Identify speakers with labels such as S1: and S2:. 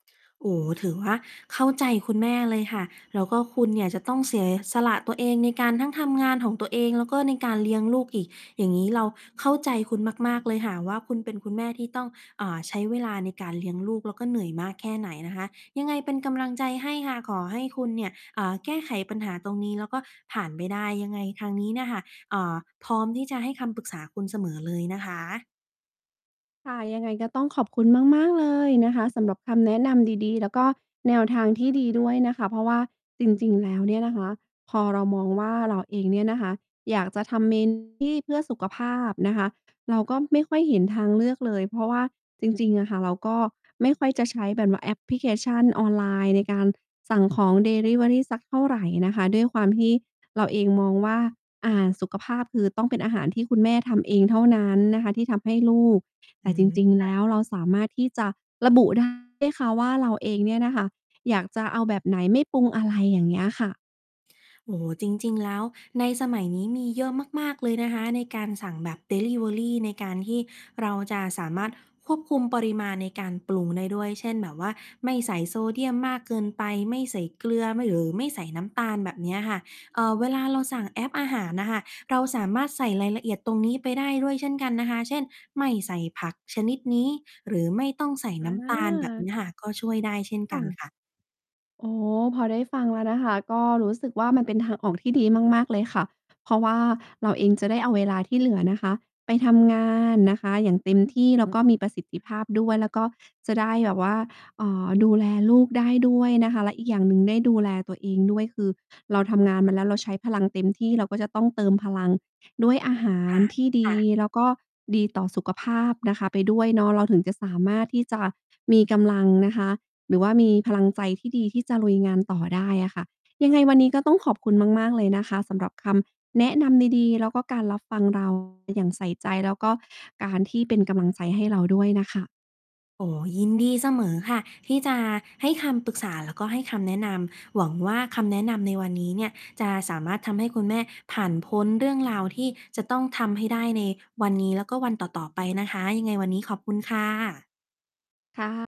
S1: โอ้โฮ ถือว่าเข้าใจคุณแม่เลยค่ะ แล้วก็คุณเนี่ยจะต้องเส สละตัวเองในการต้องทำงานของตัวเอง แล้วก็ในการเลี้ยงลูกอีก อย่างงี้เราเข้าใจคุณมาก ๆ เลยค่ะว่า คุณเป็นคุณแม่ที่ต้อง อ่า ใช้เวลาในการเลี้ยงลูก แล้วก็เหนื่อยมากแค่ไหนนะคะ ยังไงเป็นกำลังใจให้ค่ะ ขอให้คุณเนี่ย อ่า แก้ไขปัญหาตรงนี้แล้วก็ผ่านไปได้ ยังไงทางนี้เนี่ยค่ะ อ่า พร้อมที่จะให้คำปรึกษาคุณเสมอเลยนะคะ
S2: ค่ะ ยังไงก็ต้องขอบคุณมาก ๆ เลยนะคะ สำหรับคำแนะนำดี ๆ แล้วก็แนวทางที่ดีด้วยนะคะ เพราะว่าจริง ๆ แล้วเนี่ยนะคะ พอเรามองว่าเราเองเนี่ยนะคะ อยากจะทำ เมนู ที่ เพื่อสุขภาพนะคะ เราก็ไม่ค่อยเห็นทางเลือกเลย เพราะว่าจริง ๆ อะค่ะ เราก็ไม่ค่อยจะใช้แบบว่าแอปพลิเคชันออนไลน์ในการสั่งของดิลิเวอรีสักเท่าไรนะคะ ด้วยความที่เราเองมองว่า อ่า สุขภาพ คือต้องเป็นอาหารที่คุณแม่ทำเองเท่านั้นนะคะที่ทำให้ลูก แ
S1: อ
S2: ต
S1: ื
S2: ่จ
S1: ม
S2: ริง
S1: ค
S2: ๆ แ
S1: ่
S2: ล
S1: ะ
S2: ้วเราสามารถที่จะระบุ ได้ ค่ะว่า เราเองเนี่ยนะคะอยากจะเอาแบบไหน ไม่ปรุง อะไรอย่างเงี้ยค่ะ
S1: โอ้โฮ จริง ๆ แล้วในสมัยนี้มีเยอะมาก ๆ เลยนะคะ ในการสั่งแบบดิลิเวอรีในการที่เราจะสามารถควบคุมปริมาณในการปรุงได้ด้วย เช่น แบบว่าไม่ใส่โซเดียมมากเกินไป ไม่ใส่เกลือ ไม่ หรือไม่ใส่น้ำตาล แบบเนี้ยค่ะ เอ่อ เวลาเราสั่งแอปอาหารอะค่ะ เราสามารถใส่รายละเอียดตรงนี้ไปได้ด้วยเช่นกันนะคะ เช่น ไม่ใส่ผักชนิดนี้หรือไม่ต้องใส่น้ำตาล แบบน
S2: อา
S1: ี้ค่ะ ก็ช่วยได้เช่น
S2: ค
S1: ก
S2: ่
S1: ัน
S2: ะ
S1: ค่ะ
S2: อ๋อ พอได้ฟังแล้วนะคะ ก็รู้สึกว่ามันเป็นทางออกที่ดีมาก ๆ เลยค่ะ เพราะว่าเราเองจะได้เอาเวลาที่เหลือนะคะ ไปทำงานนะคะอย่างเต็มที่ แล้วก็มีประสิทธิภาพด้วยแล้วก็จะได้แบบว่า เอ่อ ดูแลลูกได้ด้วยนะคะ และอีกอย่างหนึ่งได้ดูแลตัวเองด้วย คือเราทำงานมาแล้ว เราใช้พลังเต็มที่ เราก็จะต้องเติมพลังด้วยอาหา
S1: ค
S2: ร
S1: ่ะ
S2: ที่ด
S1: ค่
S2: ี
S1: ะ
S2: แล้วก็ดีต่อสุขภาพนะคะไปด้วยเนาะ เราถึงจะสามารถที่จะมีกำลังนะคะ หรือว่ามีพลังใจที่ดีที่จะลุยงานต่อได้อะค่ะ ยังไงวันนี้ก็ต้องขอบคุณมาก ๆ เลยนะคะสำหรับคำแนะนำดี ๆ แล้วก็การรับฟัง เรา อย่างใส่ใจ แล้วก็การที่เป็นกำลังใจให้เราด้วยน่ะค่ะ
S1: โอ้โฮ ยินดีเสมอค่ะที่จะให้คำปรึกษา แล้วก็ให้คำแนะนำ หวังว่าคำแนะนำในวันนี้เนี่ยจะสามารถทำให้คุณแม่ผ่านพ้นเรื่องราว ที่จะต้องทำให้ได้ในวันนี้แล้วก็วันต่อ ๆ ไปนะคะ ยังไงวันนี้ขอบคุณค่ะ
S2: ค่ะ